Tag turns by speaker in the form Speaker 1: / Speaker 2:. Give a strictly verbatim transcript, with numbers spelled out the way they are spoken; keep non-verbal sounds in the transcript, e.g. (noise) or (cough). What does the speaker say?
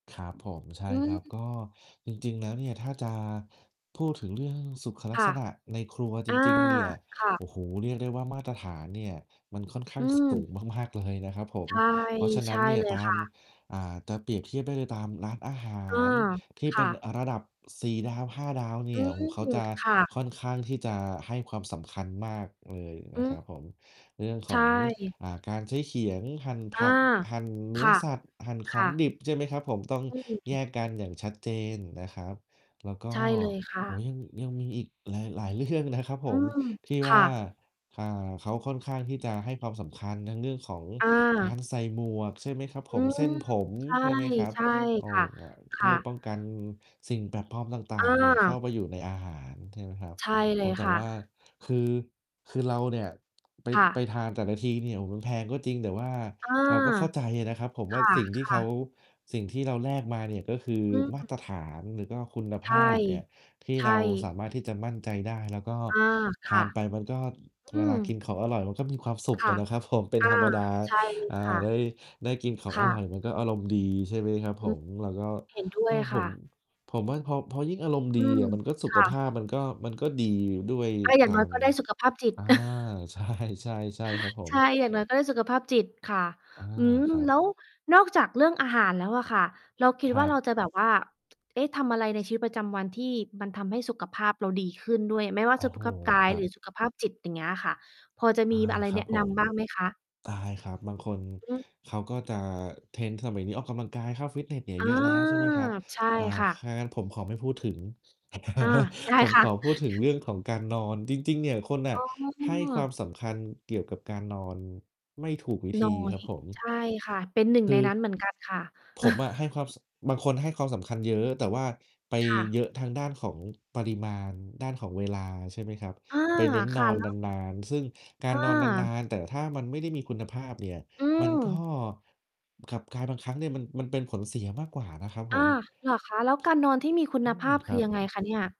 Speaker 1: ครับผม ใช
Speaker 2: อ
Speaker 1: ่
Speaker 2: ื
Speaker 1: ครับ
Speaker 2: ม
Speaker 1: ก็จริง ๆ แล้วเนี่ย ถ้าจะ พูดถึงเรื่องสุขลั
Speaker 2: ค
Speaker 1: ก
Speaker 2: ่
Speaker 1: ษ
Speaker 2: ะ
Speaker 1: ณะในครัวจ
Speaker 2: อา
Speaker 1: ริง ๆ เนี่ย
Speaker 2: ค่
Speaker 1: โ
Speaker 2: ะ
Speaker 1: อ้โฮ เรียกได้ว่า มาตรฐานเนี่ย มันค่อนข้
Speaker 2: อ
Speaker 1: า
Speaker 2: ื
Speaker 1: งสู
Speaker 2: ม
Speaker 1: งมาก ๆ เลยนะครับผ
Speaker 2: ใช
Speaker 1: ม
Speaker 2: ่
Speaker 1: เพราะฉะน
Speaker 2: ใช
Speaker 1: ั้น
Speaker 2: ่
Speaker 1: เนี่
Speaker 2: เ
Speaker 1: ย
Speaker 2: ลย
Speaker 1: ตา
Speaker 2: ค
Speaker 1: ม
Speaker 2: ่ะ
Speaker 1: อ่า ตะ เปรียบเทียบได้เลยตามร้านอาหา
Speaker 2: อา
Speaker 1: รที่
Speaker 2: ค
Speaker 1: เป็
Speaker 2: ่
Speaker 1: น
Speaker 2: ะ
Speaker 1: อา ระดับ สี่ ดาว ห้า ดาวเน
Speaker 2: อ
Speaker 1: ี
Speaker 2: ื
Speaker 1: ่ย โฮ เขา
Speaker 2: ม
Speaker 1: จะ
Speaker 2: ค่ะ
Speaker 1: ค่อนข้างที่จะให้ความสำคัญมากเลย
Speaker 2: อ
Speaker 1: น
Speaker 2: ื
Speaker 1: ะค
Speaker 2: ม
Speaker 1: รับผม เรื่อง
Speaker 2: ใช
Speaker 1: ของ
Speaker 2: ่
Speaker 1: อ่า การใช้เขียงหั่น
Speaker 2: อ
Speaker 1: ผ
Speaker 2: า
Speaker 1: ัก หั่นเน
Speaker 2: ค
Speaker 1: ื้อ
Speaker 2: ่ะ
Speaker 1: สัตว์ หั่นข
Speaker 2: ค
Speaker 1: อ
Speaker 2: ่
Speaker 1: งด
Speaker 2: ะ
Speaker 1: ิบ ใช่ไหมครับผม ต้อง
Speaker 2: อื
Speaker 1: แย
Speaker 2: ม
Speaker 1: กกันอย่างชัดเจนนะครับ แล้วก
Speaker 2: ใ
Speaker 1: ็
Speaker 2: ช่เลยค่
Speaker 1: โอ้โฮ
Speaker 2: ะ
Speaker 1: ยัง ยังมีอีกหลาย ๆ เรื่อง นะครับผ
Speaker 2: อื
Speaker 1: ม
Speaker 2: ม
Speaker 1: ที่
Speaker 2: ค
Speaker 1: ว่
Speaker 2: ่
Speaker 1: า
Speaker 2: ะ
Speaker 1: อ่า เขาค่อนข้างที่จะให้ความสำคัญ ทั้งเรื่องของก
Speaker 2: อ
Speaker 1: า
Speaker 2: า
Speaker 1: รใส่หมวก ใช่ไหมครับ
Speaker 2: อื
Speaker 1: ผม
Speaker 2: ม
Speaker 1: เส้นผม ใช่ไหมครั
Speaker 2: ใ
Speaker 1: บ
Speaker 2: ช่
Speaker 1: โอ้
Speaker 2: ๆ ค่ะ
Speaker 1: อ่า
Speaker 2: ค
Speaker 1: เพ
Speaker 2: ่
Speaker 1: ื่อ
Speaker 2: ะ
Speaker 1: ป้องกันสิ่งแปลกปลอมต่
Speaker 2: อ
Speaker 1: าง ๆ เนี่ย เข้
Speaker 2: า
Speaker 1: าไปอยู่ในอาหาร ใช่ไหมครับ
Speaker 2: ใช่เ
Speaker 1: โ
Speaker 2: ล
Speaker 1: อ้โ
Speaker 2: ย
Speaker 1: ฮ แต่
Speaker 2: ค่ะ
Speaker 1: ว่า คือ คือเราเนี่ย ไป
Speaker 2: ค่
Speaker 1: ไป
Speaker 2: ะ
Speaker 1: ทานแต่ละทีเนี่ย โฮ มันแพงก็จริง แต่ว่า
Speaker 2: เออ
Speaker 1: เราก็เข้าใจอะนะครับผม
Speaker 2: ค
Speaker 1: ว่าสิ่งที่
Speaker 2: ่
Speaker 1: เข
Speaker 2: ะ
Speaker 1: า
Speaker 2: ๆ
Speaker 1: สิ่งที่เราแลกมาเนี่ย ก็คือ
Speaker 2: อื
Speaker 1: มา
Speaker 2: ม
Speaker 1: ตรฐาน หรือก็คุณ
Speaker 2: ใ
Speaker 1: ภ
Speaker 2: ช่
Speaker 1: าพเนี่ย ที่
Speaker 2: ใช
Speaker 1: เรา
Speaker 2: ่
Speaker 1: สามารถที่จะมั่นใจได้ แล้วก็
Speaker 2: อา
Speaker 1: ท
Speaker 2: ค
Speaker 1: า
Speaker 2: ่ะ
Speaker 1: นไปมันก็
Speaker 2: อื
Speaker 1: เวล
Speaker 2: ม
Speaker 1: ากินของอร่อย มันก็มีความสุข
Speaker 2: ค
Speaker 1: อ
Speaker 2: ่ะ
Speaker 1: ะนะครับผม เป็น
Speaker 2: อ
Speaker 1: ธ
Speaker 2: า
Speaker 1: รรมดา
Speaker 2: ใช่เลย
Speaker 1: อ่า
Speaker 2: ค่ะ
Speaker 1: ได้ ได้กินของ
Speaker 2: ค
Speaker 1: อ
Speaker 2: ่
Speaker 1: ร่อย
Speaker 2: ะ
Speaker 1: มันก็อารมณ์ดี ใช่ไหมครับ
Speaker 2: อื
Speaker 1: ผ
Speaker 2: อ
Speaker 1: ม แล้วก็
Speaker 2: เห็นด้วยค
Speaker 1: ผ
Speaker 2: ่
Speaker 1: ม
Speaker 2: ะ
Speaker 1: ผมว่า พอ พอยิ่งอารมณ์ด
Speaker 2: อ
Speaker 1: ี
Speaker 2: ืม
Speaker 1: อะ มันก็สุ
Speaker 2: ค
Speaker 1: ข
Speaker 2: ่
Speaker 1: ภ
Speaker 2: ะ
Speaker 1: าพ มันก็ มันก็ดีด้วย
Speaker 2: อา อย่
Speaker 1: ต
Speaker 2: าง
Speaker 1: า
Speaker 2: น้อย
Speaker 1: ม
Speaker 2: ก็ได้สุขภาพจิต
Speaker 1: อา
Speaker 2: (laughs)
Speaker 1: ใช่ ๆ ๆ ครับผ
Speaker 2: ใช
Speaker 1: ม
Speaker 2: ่ อย่างน้อยก็ได้สุขภาพจิตค่ะ
Speaker 1: อา
Speaker 2: อืม
Speaker 1: ครั
Speaker 2: แล
Speaker 1: บ
Speaker 2: ้วนอกจากเรื่องอาหารแล้วอะค่ะ เราคิ
Speaker 1: ค
Speaker 2: ด
Speaker 1: ร
Speaker 2: ว่
Speaker 1: ั
Speaker 2: า
Speaker 1: บ
Speaker 2: เราจะแบบว่า เอ๊ะ! ทำอะไรในชีวิตประจำวันที่มันทำให้สุขภาพเราดีขึ้นด้วย ไม่ว่
Speaker 1: โ
Speaker 2: า
Speaker 1: อ้
Speaker 2: สุ
Speaker 1: โ
Speaker 2: ข
Speaker 1: ฮ
Speaker 2: ภาพกา
Speaker 1: ค
Speaker 2: ย
Speaker 1: รั
Speaker 2: หร
Speaker 1: บ
Speaker 2: ือสุขภาพจิต อย่างเงี้ยอะค่ะ พอจะ
Speaker 1: อ
Speaker 2: ม
Speaker 1: า
Speaker 2: ีอะไร
Speaker 1: คร
Speaker 2: แ
Speaker 1: ั
Speaker 2: น
Speaker 1: บ
Speaker 2: ะ
Speaker 1: ผ
Speaker 2: น
Speaker 1: ม
Speaker 2: ำบ้างไหมคะ?
Speaker 1: ได้ครับ บางคน
Speaker 2: อืม
Speaker 1: เขาก็จะ เทรนด์สมัยนี้ออกกำลังกายเข้าฟิตเนสเนี่ย
Speaker 2: อา
Speaker 1: เยอะแล้ว ใช่ไหมครับ
Speaker 2: ใช่
Speaker 1: อ่า
Speaker 2: ค่
Speaker 1: ถ
Speaker 2: ะ
Speaker 1: ้างั้นผมขอไม่พูดถึง
Speaker 2: อา ได้
Speaker 1: (laughs) ผม
Speaker 2: ค่
Speaker 1: ข
Speaker 2: ะ
Speaker 1: อพูดถึง
Speaker 2: (chuckles)
Speaker 1: เรื่องของการนอน จริง ๆ เนี่ยคนน่
Speaker 2: อ
Speaker 1: ะ
Speaker 2: ๋
Speaker 1: ให้ความ
Speaker 2: อ
Speaker 1: สำคัญเกี่ยวกับการนอน ไม่ถูกวิธ
Speaker 2: น
Speaker 1: ี
Speaker 2: ้อ
Speaker 1: ค
Speaker 2: ย
Speaker 1: รับผ
Speaker 2: ใช
Speaker 1: ม
Speaker 2: ่ค่ะ เป็น หนึ่ง
Speaker 1: คื
Speaker 2: ใน
Speaker 1: อ
Speaker 2: นั้นเหมือน กัน ค่ะ
Speaker 1: ผมอะ ให้
Speaker 2: (laughs)
Speaker 1: ความ ส บางคนให้ความสำคัญเยอะ แต่ว่าไป
Speaker 2: ค่
Speaker 1: เยอ
Speaker 2: ะ
Speaker 1: ะทางด้านของปริมาณ ด้านของเวลา ใช่ไหมครับ
Speaker 2: อา
Speaker 1: ไปเน้นน
Speaker 2: ค
Speaker 1: อ
Speaker 2: ่ะ
Speaker 1: น
Speaker 2: แล้ว
Speaker 1: นาน ๆ ซึ่งการ
Speaker 2: อ
Speaker 1: นอนนา
Speaker 2: า
Speaker 1: น ๆ แต่ถ้ามันไม่ได้มีคุณภาพเนี่ย
Speaker 2: อื
Speaker 1: มันก็
Speaker 2: ม
Speaker 1: กลับกลายบางครั้งเนี่ย มัน มันเป็นผลเสียมากกว่านะครับผ
Speaker 2: อา
Speaker 1: ม
Speaker 2: เหรอคะ? แล้วการนอนที่มีคุ
Speaker 1: อื
Speaker 2: ณภ
Speaker 1: ม
Speaker 2: าพ
Speaker 1: ค
Speaker 2: ค
Speaker 1: ร
Speaker 2: ื
Speaker 1: ั
Speaker 2: อ
Speaker 1: บ
Speaker 2: ยังไงคะเนี่ย?